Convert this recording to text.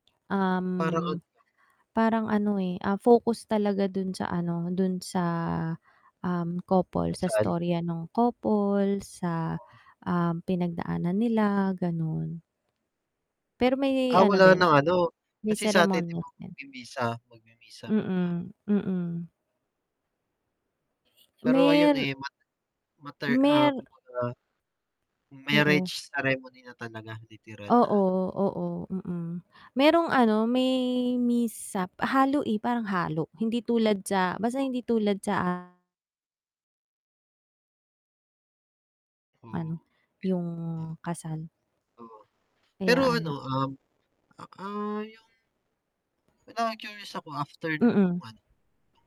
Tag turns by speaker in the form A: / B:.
A: Parang ano
B: Um,
A: lang.
B: parang ano, eh, ah, focus talaga dun sa ano, dun sa, um, couple sa
A: Kasal.
B: istorya nung couple, sa,
A: Ah.
B: um, pinagdaanan nila ganon. Pero may
A: Ah,
B: ano
A: wala
B: din,
A: ng ano
B: may
A: kasi sa atin 'di ba
B: seremonyas din.
A: magmimisa, magmimisa muna.
B: Mm, mm.
A: Pero ayun
B: Mer
A: eh mat [unintelligible] matter, ah,
B: Mer
A: kumbaga marriage
B: Oo.
A: ceremony na talaga literal na
B: Oo,
A: ano.
B: oo. Mm. Merong ano may mishap halo, eh, parang halo. Hindi tulad sa basta hindi tulad sa a
A: Ah.
B: Ano,
A: Oh.
B: yung kasal.
A: Oo, pero
B: Kaya
A: ano,
B: ano.
A: um, a ah yung Parang na-curious ako after nung
B: Mm.
A: ano.